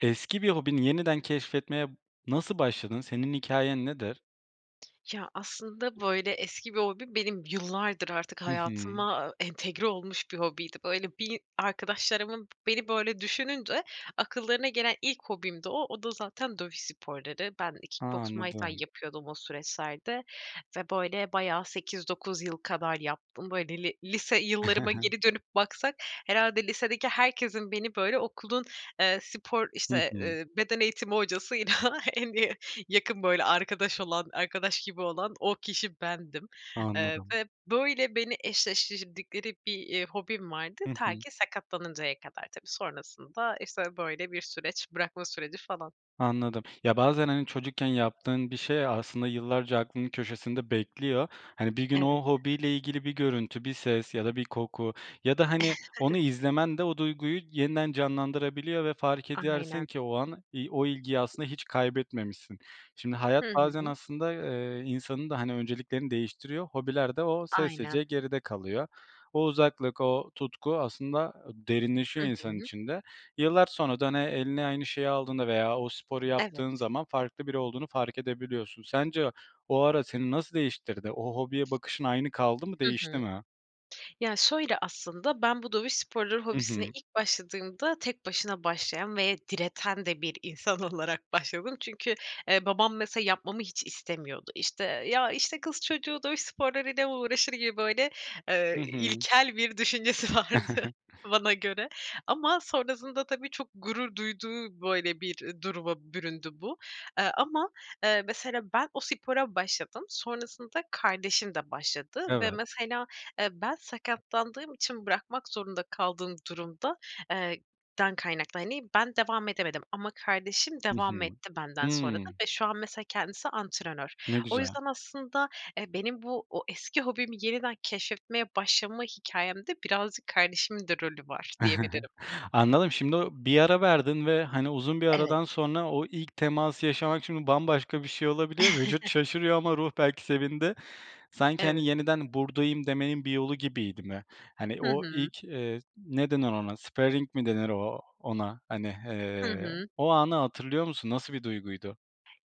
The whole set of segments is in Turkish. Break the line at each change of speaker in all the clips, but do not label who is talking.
Eski bir hobini yeniden keşfetmeye nasıl başladın? Senin hikâyen nedir?
Ya, aslında, böyle, eski bir hobim benim yıllardır artık
Hı hı.
hayatıma entegre olmuş bir hobiydi. Böyle, bir arkadaşlarımın beni, böyle, düşününce akıllarına gelen ilk hobimdi o. O da zaten dövüş sporları. Ben
A!
kick boks, muay thai
Anladım.
yapıyordum o süreçlerde ve böyle bayağı 8-9 yıl kadar yaptım. Böyle li lise yıllarıma geri dönüp baksak herhâlde lisedeki herkesin beni, böyle, okulun, eee, spor,
Hı
işte,
hı.
eee, beden eğitimi hocasıyla en iyi yakın böyle arkadaş olan arkadaş gibi olan o kişi bendim. Eee,
Anladım.
ve böyle beni eşleştirdikleri bir, eee, hobim vardı.
Hı
Ta
hı.
ki sakatlanıncaya kadar tabii. Sonrasında, işte, böyle bir süreç bırakma süreci falan.
Anladım. Ya, bazen, hani, çocukken yaptığın bir şey aslında yıllarca aklının köşesinde bekliyor. Hani, bir gün
Evet.
o hobiyle ilgili bir görüntü, bir ses ya da bir koku ya da, hani, onu izlemen de o duyguyu yeniden canlandırabiliyor ve fark edersin
Aynen
ki o an i o ilgiyi aslında hiç kaybetmemişsin. Şimdi
Hı
hayat bazen
hı.
aslında, eee, insanın da, hani, önceliklerini değiştiriyor, hobiler de o
Aynen.
sessizce geride kalıyor. O uzaklık, o tutku aslında
Hı
derinleşiyor insanın
hı.
içinde. Yıllar sonra da, hani, eline aynı şeyi aldığında veya o sporu yaptığın
Evet.
zaman farklı biri olduğunu fark edebiliyorsun. Sence o ara seni nasıl değiştirdi? O hobiye bakışın aynı kaldı mı,
Hı
değişti
hı.
mi?
Ya şöyle aslında: Ben bu dövüş sporları
Hı
hobisine
hı.
ilk başladığımda tek başına başlayan ve direten de bir insan olarak başladım. Çünkü, eee, babam mesela yapmamı hiç istemiyordu. İşte, ya, işte, "Kız çocuğu dövüş sporlarıyla uğraşır mı!" gibi böyle,
Hı
eee,
hı.
ilkel bir düşüncesi vardı bana göre ama sonrasında tabii, çok gurur duyduğu, böyle, bir duruma büründü bu. Eee, ama, eee, mesela ben o spora başladım. Sonrasında kardeşim de başladı ve
Evet.
mesela, eee, ben sakatlandığım için bırakmak zorunda kaldığım durumda, eee, dan kaynaklı hani, ben devam edemedim ama kardeşim
Hı
devam
hı.
etti benden sonra
Hıı.
ve şu an mesela kendisi antrenör.
Ne
O
güzel.
yüzden aslında, eee, benim bu, o, eski hobimi yeniden keşfetmeye başlama hikâyemde birazcık kardeşimin de rolü var, diyebilirim.
Anladım, şimdi o bir ara verdin ve, hani, uzun bir
Evet.
aradan sonra o ilk teması yaşamak şimdi bambaşka bir şey olabiliyor. Vücut şaşırıyor ama ruh belki sevindi. Sanki,
Evet.
hani, "Yeniden buradayım." demenin bir yolu gibiydi mi? Hani,
Hı
o
hı.
ilk, eee, ne denir ona, sparing mi denir o ona, hani,
Hı
hee,
hı.
o anı hatırlıyor musun nasıl bir duyguydu?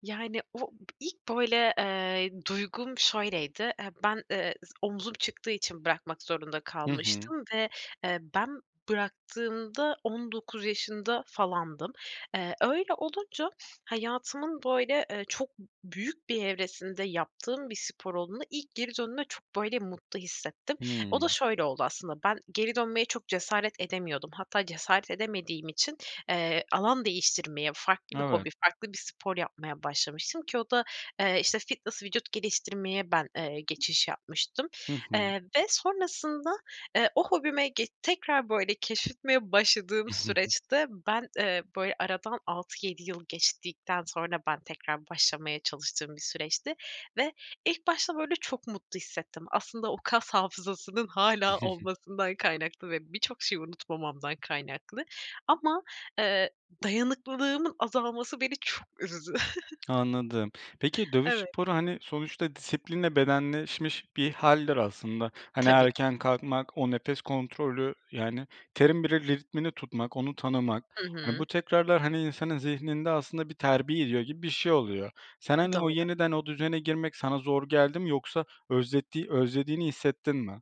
Yani, o b ilk, böyle, eee, duygum şöyleydi. Eee, ben, eee, z omzum çıktığı için bırakmak zorunda
Hı hı.
kalmıştım ve, eee, ben bıraktığımda 19 yaşında falandım. Eee, öyle olunca hayatımın, böyle, eee, çok b büyük bir evresinde yaptığım bir spor olduğundan ilk geri döndüğümde çok, böyle, mutlu hissettim. O da
Hımm.
şöyle oldu aslında ben geri dönmeye çok cesaret edemiyordum. Hatta cesaret edemediğim için, eee, alan değiştirmeye farklı bir hobi
Evet.
farklı bir spor yapmaya başlamıştım ki o da, eee, işte, fitness, vücut geliştirmeye ben, eee, geçiş yapmıştım.
Hı hı.
Eee, ve sonrasında, eee, o hobime ge tekrar, böyle, keşfetmeye başladığım süreçte ben, eee, böyle, aradan 6-7 yıl geçtikten sonra ben tekrar başlamaya çalıştığım bir süreçti ve ilk başta, böyle, çok mutlu hissettim. Aslında o kas hafızasının hâlâ olmasından kaynaklı ve birçok şeyi unutmamamdan kaynaklı ama, eee, dayanıklığımın azalması beni çok üzdü.
Anladım. Peki dövüş
Evet.
sporu, hani, sonuçta disiplinle bedenleşmiş bir hâldir aslında. Hani,
Tabii.
erken kalkmak, o nefes kontrolü, yani, terin bile ritmini tutmak, onu tanımak,
Hı
hani, bu
hı.
tekrarlar, hani, insanın zihninde aslında bir terbiye ediyor gibi bir şey oluyor. Sen, hani, o
Doğru.
yeniden o düzene girmek sana zor geldi mi yoksa özlettiği özlediğini hissettin mi?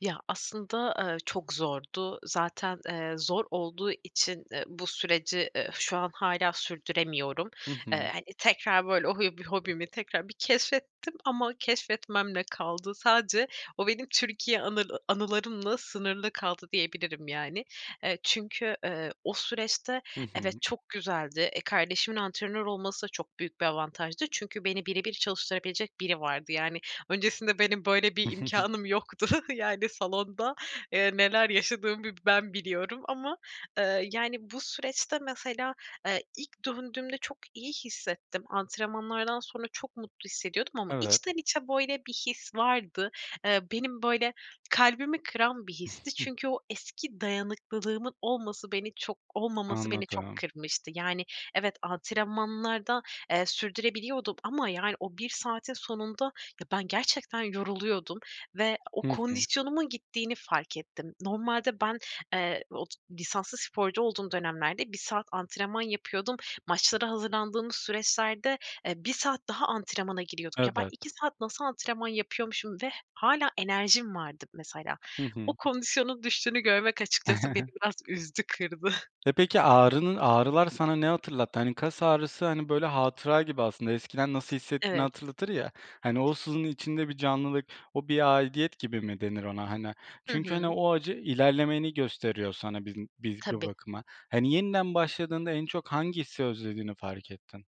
Ya, aslında, eee, çok zordu. Zaten, eee, zor olduğu için, eee, bu süreci, eee, şu an hâlâ sürdüremiyorum.
Hı hı.
Eee, hani, tekrar, böyle, o hü bü hobimi tekrar bir keşfettim ama keşfetmemle kaldı. Sadece o benim Türkiye anıl anılarımla sınırlı kaldı, diyebilirim yani. Eee, çünkü, eee, o süreçte,
Hı
evet,
hı.
çok güzeldi. E, kardeşimin antrenör olması çok büyük bir avantajdı. Çünkü beni bire bir çalıştırabilecek biri vardı. Yani, öncesinde benim böyle bir imkânım yoktu. Yani, salonda, eee, neler yaşadığımı bir ben biliyorum ama, ııı, yani, bu süreçte mesela, eee, ilk döndüğümde çok iyi hissettim. Antrenmanlardan sonra çok mutlu hissediyordum ama
Evet.
içten içe böyle bir his vardı. Eee, benim, böyle, kalbimi kıran bir histi. Çünkü o eski dayanıklılığımın olması, beni çok olmaması beni çok
Anladım.
kırmıştı. Yani, evet antrenmanlarda, eee, sürdürebiliyordum ama yani o 1 saatin sonunda ya, ben gerçekten yoruluyordum ve o
Hı hı.
kondisyonumun gittiğini fark ettim. Normalde ben, eee, ot lisanslı sporcu olduğum dönemlerde 1 saat antrenman yapıyordum. Maçlara hazırlandığımız süreçlerde, eee, 1 saat daha antrenmana giriyorduk. Ya, ben
Evet.
2 saat nasıl antrenman yapıyormuşum ve hâlâ enerjim vardı mesela.
Hı
O
hı.
kondisyonun düştüğünü görmek açıkçası beni biraz üzdü, kırdı.
E, peki ağrının ağrılar sana ne hatırlattı? Hani, kas ağrısı, hani, böyle, hatıra gibi aslında, eskiden nasıl hissettiğini
Evet.
hatırlatır ya. Hani, o sızının içinde bir canlılık, o bir aidiyet gibi mi denir ona, hani?
Hı
Çünkü, hani,
hı.
o acı ilerlemeni gösteriyor sana biz m biz bir
Tabii.
bakıma. Hani, yeniden başladığında en çok hangisi özlediğini fark ettin.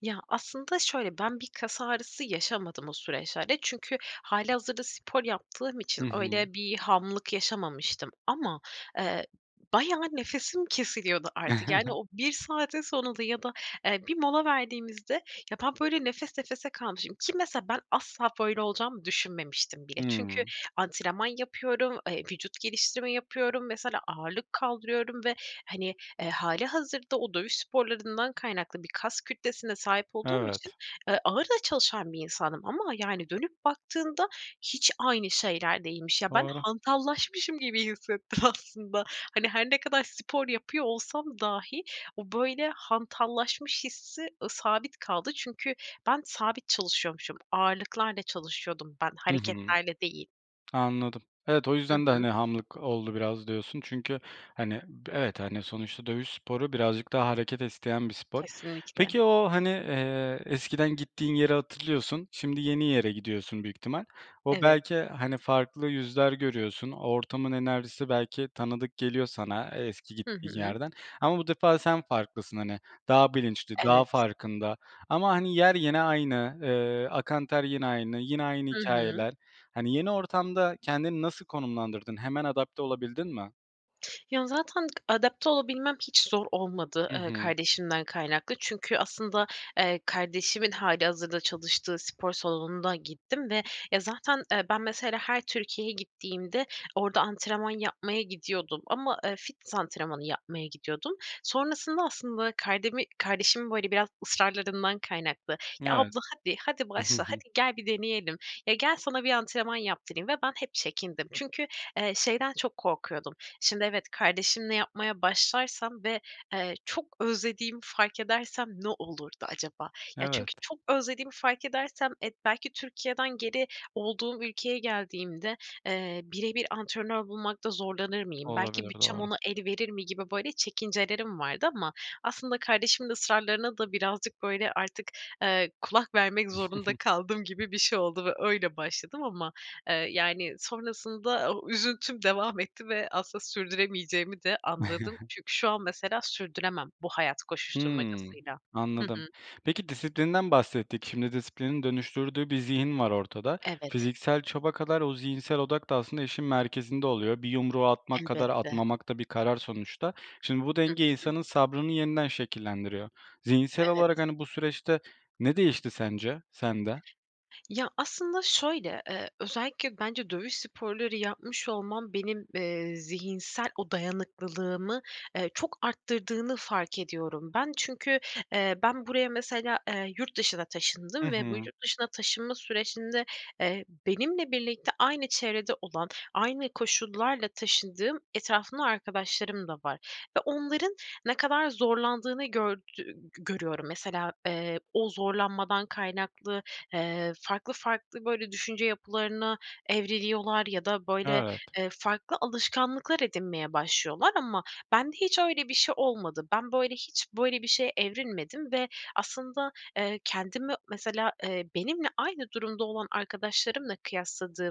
Ya, aslında şöyle: Ben bir kas ağrısı yaşamadım o süreçlerde. Çünkü hâlihazırda spor yaptığım
Hı
için
hı.
öyle bir hamlık yaşamamıştım ama, eee, b bayağı nefesim kesiliyordu artık. Yani, o 1 saatin sonunda ya da, eee, bir mola verdiğimizde ya, ben, böyle, nefes nefese kalmışım ki mesela ben asla böyle olacağımı düşünmemiştim bile. Çünkü
Hımm.
antrenman yapıyorum, eee, vücut geliştirme yapıyorum, mesela ağırlık kaldırıyorum ve, hani, eee, hâlihazırda o dövüş sporlarından kaynaklı bir kas kütlesine sahip olduğum için,
Evet.
eee, ağır da çalışan bir insandım ama, yani, dönüp baktığında hiç aynı şeyler değilmiş. Ya, ben
Doğru.
hantallaşmışım gibi hissettim aslında. Hani, her ne kadar spor yapıyor olsam dahi o, böyle, hantallaşmış hissi, ııı, sabit kaldı. Çünkü ben sabit çalışıyormuşum. Ağırlıklarla çalışıyordum ben,
Hı hı.
hareketlerle değil.
Anladım. Evet, o
Hı
yüzden de,
hı.
hani, hamlık oldu biraz diyorsun çünkü hani b evet, hani, sonuçta dövüş sporu birazcık daha hareket isteyen bir spor.
Kesinlikle.
Peki o, hani, eee, eskiden gittiğin yeri hatırlıyorsun, şimdi yeni yere gidiyorsun büyük ihtimal. O
Evet.
belki, eee, hani, farklı yüzler görüyorsun, o ortamın enerjisi belki tanıdık geliyor sana, eee, eski
Hı
gittiğin
hı.
yerden ama bu defa sen farklısın, hani, daha bilinçli, daha
Evet.
farkında ama, hani, yer yine aynı, eee, akan ter yine aynı, yine aynı
Hı hı.
hikâyeler. Hani, yeni ortamda kendini nasıl konumlandırdın? Hemen adapte olabildin mi?
Ya zaten adapte olabilmem hiç zor olmadı,
Hı
eee,
hı.
kardeşimden kaynaklı çünkü aslında, eee, kardeşimin hâlihazırda çalıştığı spor salonunda gittim ve ya zaten, eee, ben mesela her Türkiye'ye gittiğimde orada antrenman yapmaya gidiyordum ama, eee, fitness antrenmanı yapmaya gidiyordum. Sonrasında aslında kardemi kardeşimin böyle biraz ısrarlarından kaynaklı. Ya,
Evet.
abla hadi. Hadi başla, hadi gel, bir deneyelim. Ya, gel, sana bir antrenman yaptırayım ve ben hep çekindim. Çünkü, eee, şeyden çok korkuyordum, şimdi evet kardeşimle yapmaya başlarsam ve, eee, çok özlediğimi fark edersem ne olurdu acaba? Ya
Evet.
çünkü çok özlediğimi fark edersem, eee, belki Türkiye'den geri olduğum ülkeye geldiğimde, eee, bire bir antrenör bulmakta zorlanır mıyım, belki
Olabilir,
bütçem
doğru.
ona el verir mi gibi böyle çekincelerim vardı ama aslında kardeşimin ısrarlarına da birazcık böyle artık, eee, kulak vermek zorunda kaldım gibi bir şey oldu ve öyle başladım. Ama, eee, yani sonrasında o üzüntüm devam etti ve aslında sürdüremeyeceğimi de anladım. Çünkü şu an mesela sürdüremem bu hayat
Hı.
koşuşturmacasıyla. Hı
Anladım.
hı.
Peki disiplinden bahsettik. Şimdi disiplinin dönüştürdüğü bir zihin var ortada.
Evet.
Fiziksel çaba kadar o zihinsel odak da aslında işin merkezinde oluyor, bir yumruğu atmak kadar
Elbette.
atmamak da bir karar sonuçta. Şimdi bu
Hı
denge
hı.
insanın sabrını yeniden şekillendiriyor. Zihinsel olarak
Evet.
hani bu süreçte ne değişti sence sende?
Ya aslında şöyle, eee, özellikle bence dövüş sporları yapmış olmam benim, eee, zihinsel o dayanıklılığımı, eee, çok arttırdığını fark ediyorum ben. Çünkü, eee, ben buraya mesela, eee, yurt dışına
Hı
taşındım ve bu
hı.
yurt dışına taşınma sürecinde, eee, benimle birlikte aynı çevrede olan, aynı koşullarla taşındığım etrafımda arkadaşlarım da var ve onların ne kadar zorlandığını gördü g görüyorum. Mesela, eee, o zorlanmadan kaynaklı, eee, farklı farklı böyle düşünce yapılarına evriliyorlar ya da böyle,
Evet.
eee, farklı alışkanlıklar edinmeye başlıyorlar ama bende hiç öyle bir şey olmadı. Ben böyle hiç böyle bir şeye evrilmedim ve aslında, eee, kendimi mesela, eee, benimle aynı durumda olan arkadaşlarımla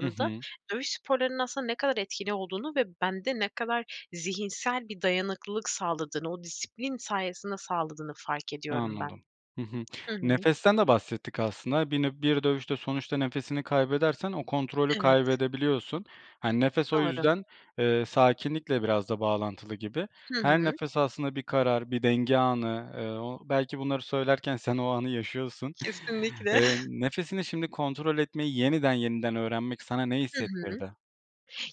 Hı hı.
dövüş sporlarının aslında ne kadar etkili olduğunu ve bende ne kadar zihinsel bir dayanıklılık sağladığını, o disiplin sayesinde sağladığını fark ediyorum ben.
Anladım. Hı hı,
Hı hı.
nefesten de bahsettik aslında. Bir nö bir dövüşte sonuçta nefesini kaybedersen o kontrolü
Evet.
kaybedebiliyorsun. Hani nefes o
Doğru.
yüzden, eee, sakinlikle biraz da bağlantılı gibi.
Hı
Her
hı.
nefes aslında bir karar, bir denge anı, eee, o belki bunları söylerken sen o anı yaşıyorsun.
Kesinlikle.
Eee, nefesini şimdi kontrol etmeyi yeniden, yeniden öğrenmek sana ne
Hı hı.
hissettirdi?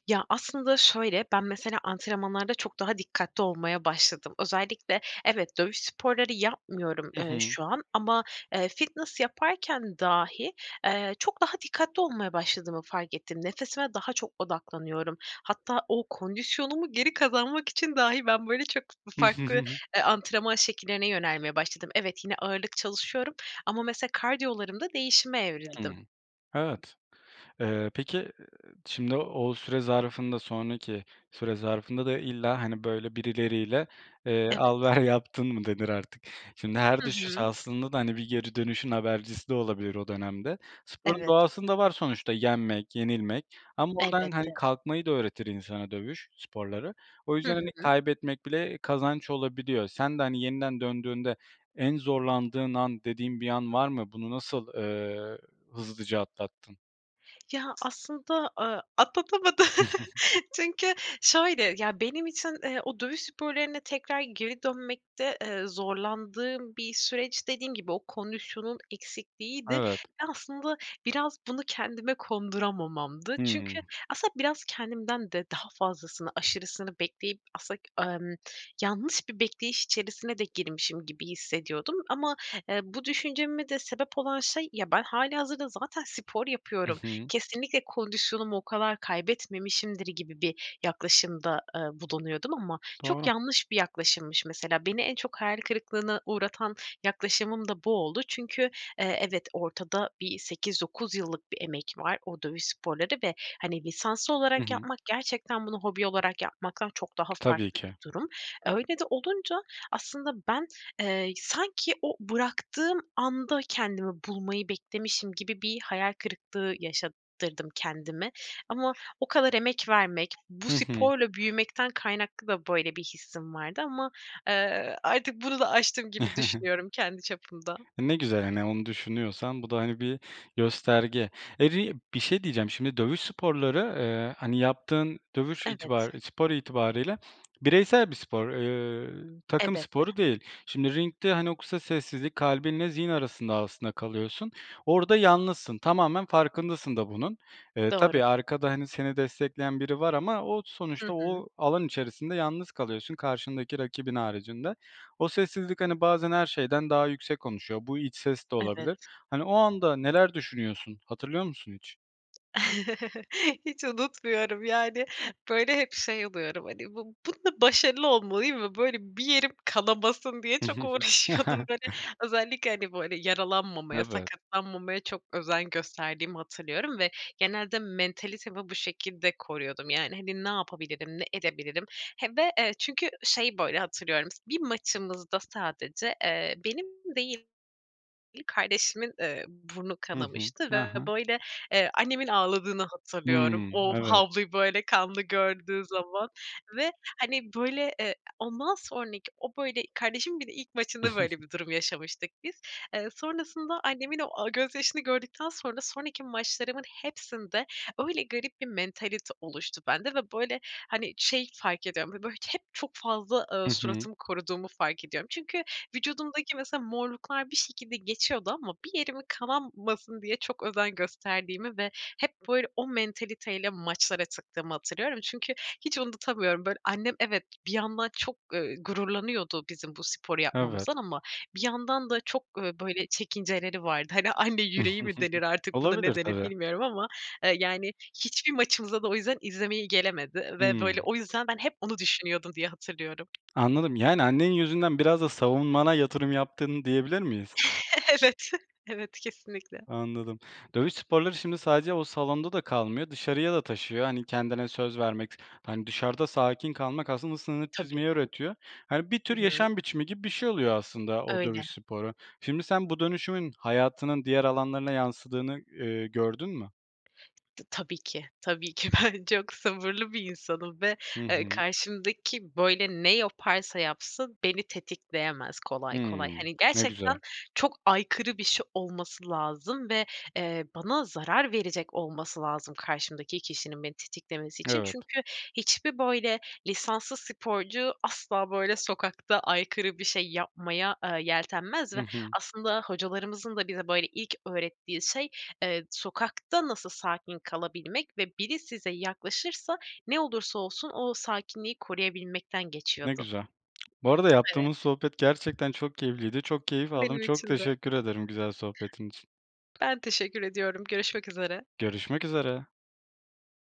Ya aslında şöyle, ben mesela antrenmanlarda çok daha dikkatli olmaya başladım. Özellikle, evet dövüş sporları yapmıyorum,
Hı
eee,
hı.
şu an ama, eee, fitness yaparken dahi, eee, çok daha dikkatli olmaya başladığımı fark ettim. Nefesime daha çok odaklanıyorum. Hatta o kondisyonumu geri kazanmak için dahi ben böyle çok f farklı, eee, antrenman şekillerine yönelmeye başladım. Evet, yine ağırlık çalışıyorum ama mesela kardiyolarımda değişime
Hı.
evrildim.
Evet, eee, peki şimdi o süre zarfında, sonraki süre zarfında da illa hani böyle birileriyle, eee, al
Evet.
ver yaptın mı denir artık. Şimdi her
Hı
düşüş
hı.
aslında da hani bir geri dönüşün habercisi de olabilir o dönemde. Sporun
Evet.
doğasında var sonuçta, yenmek, yenilmek ama oradan hani
Elbette.
kalkmayı da öğretir insana dövüş sporları. O
Hı
yüzden hani
hı.
kaybetmek bile kazanç olabiliyor. Sen de hani yeniden döndüğünde en zorlandığın an dediğin bir an var mı? Bunu nasıl, eee, hızlıca atlattın?
Ya, aslında, ııı, atlatamadım. Çünkü şöyle, ya, benim için, ııı, o dövüş sporlarına tekrar geri dönmekte, ııı, zorlandığım bir süreç dediğim gibi o kondisyonun eksikliğiydi. Ve
Evet.
aslında biraz bunu kendime konduramamamdı.
Hıı.
Çünkü aslında biraz kendimden de daha fazlasını, aşırısını bekleyip, aslında ımm, yanlış bir bekleyiş içerisine de girmişim gibi hissediyordum ama, eee, bu düşünceme de sebep olan şey, ya, ben hâlihazırda zaten spor
Hı
yapıyorum,
hı.
kesinlikle kondisyonumu o kadar kaybetmemişimdir gibi bir yaklaşımda, ııı, bulunuyordum ama çok
Doğru.
yanlış bir yaklaşımmış. Mesela beni en çok hayal kırıklığına uğratan yaklaşımım da bu oldu. Çünkü, eee, evet ortada bir 8-9 yıllık bir emek var, o dövüş sporları ve, hani, lisanslı
Hı
olarak
hı.
yapmak gerçekten bunu hobi olarak yapmaktan çok daha
Tabii
farklı
ki.
bir durum. Öyle de olunca aslında ben, eee, sanki o bıraktığım anda kendimi bulmayı beklemişim gibi bir hayal kırıklığı yaşattırdım kendime ama o kadar emek vermek, bu
Hı hı.
sporla büyümekten kaynaklı da böyle bir hissim vardı ama, eee, artık bunu da aştım gibi düşünüyorum kendi çapımda.
Ne güzel. Hani, onu düşünüyorsan bu da, hani, bir gösterge. [unintelligible] bir şey diyeceğim. Şimdi dövüş sporları, ııı, hani, yaptığın dövüş
Evet.
itibari spor itibarı ile bireysel bir spor, eee, takım
Elbette.
sporu değil. Şimdi ringde, hani, o kısa sessizlik, kalbinle zihin arasında aslında kalıyorsun, orada yalnızsın, tamamen farkındasın da bunun. Iıı,
Doğru.
tabii arkada, hani, seni destekleyen biri var ama o
Hı
sonuçta
hı.
o alan içerisinde yalnız kalıyorsun karşındaki rakibin haricinde. O sessizlik, hani, bazen her şeyden daha yüksek konuşuyor, bu iç ses de olabilir.
Evet.
Hani, o anda neler düşünüyorsun, hatırlıyor musun hiç?
Hiç unutmuyorum, yani, böyle, hep şey oluyorum, hani, bu bunda başarılı olmalıyım ve, böyle, bir yerim kanamasın diye çok uğraşıyordum. Hani, özellikle, hani, böyle, yaralanmamaya,
Evet.
sakatlanmamaya çok özen gösterdiğimi hatırlıyorum ve genelde mentalitemi bu şekilde koruyordum. Yani, hani, ne yapabilirim, ne edebilirim he ve, eee, çünkü şey, böyle, hatırlıyorum, bir maçımızda sadece, eee, benim değil, kardeşimin, eee, burnu
Hı hı.
kanamıştı
Ha
ve,
ha.
böyle, eee, annemin ağladığını hatırlıyorum.
Hımm.
O
Evet.
havluyu böyle kanlı gördüğü zaman ve, hani, böyle, eee, ondan sonraki o, böyle, kardeşimin bir de ilk maçında böyle bir durum yaşamıştık biz. Eee, sonrasında annemin o, aaa, gözyaşını gördükten sonra sonraki maçlarımın hepsinde öyle garip bir mentalite oluştu bende ve, böyle, hani, şey fark ediyorum, b böyle, hep çok fazla,
Hı
ııı,
hı.
suratımı koruduğumu fark ediyorum. Çünkü vücudumdaki mesela morluklar bir şekilde geçiyordu ama bir yerim kanamasın diye çok özen gösterdiğimi ve hep böyle o mentalite ile maçlara çıktığımı hatırlıyorum. Çünkü hiç unutamıyorum, böyle, annem evet bir yandan çok, ııı, gururlanıyordu bizim bu sporu
Evet.
yapmamızdan ama bir yandan da çok, ııı, böyle, çekinceleri vardı, hani, anne yüreği mi denir artık buna
Olabilir
ne denir
tabii.
bilmiyorum ama, eee, yani, hiçbir maçımıza da o yüzden izlemeye gelemedi ve,
Hımm.
böyle, o yüzden ben hep bunu düşünüyordum diye hatırlıyorum.
Anladım, yani annen yüzünden biraz da savunmana yatırım yaptın diyebilir miyiz?
Evet, evet, kesinlikle.
Anladım. Dövüş sporları şimdi sadece o salonda da kalmıyor, dışarıya da taşıyor, hani, kendine söz vermek, s hani, dışarıda sakin kalmak aslında sınır
Tabii.
çizmeyi öğretiyor. Hani, bir
Hı
tür
hı.
yaşam biçimi gibi bir şey oluyor aslında o
Öyle.
dövüş sporu. Şimdi sen bu dönüşümün hayatının diğer alanlarına yansıdığını, ııı, gördün mü?
T tabii ki. Tabii ki. Ben çok sabırlı bir insanım ve,
Hı
eee,
hı.
karşımdaki, böyle, ne yaparsa yapsın beni tetikleyemez kolay
Hıı.
kolay. Hani,
Ne güzel.
gerçekten çok aykırı bir şey olması lazım ve, eee, bana zarar verecek olması lazım karşımdaki kişinin beni tetiklemesi için.
Evet.
Çünkü hiçbir, böyle, lisanslı sporcu asla böyle sokakta aykırı bir şey yapmaya, ııı, yeltenmez
Hı
ve
hı.
aslında hocalarımızın da bize, böyle, ilk öğrettiği şey, eee, sokakta nasıl sakin kalabilmek ve biri size yaklaşırsa ne olursa olsun o sakinliği koruyabilmekten
Ne
geçiyordu.
güzel. Bu arada
Evet.
yaptığımız sohbet gerçekten çok keyifliydi, çok keyif aldım,
Benim
çok
için de.
teşekkür ederim güzel sohbetin için.
Ben teşekkür ediyorum. Görüşmek üzere.
Görüşmek üzere.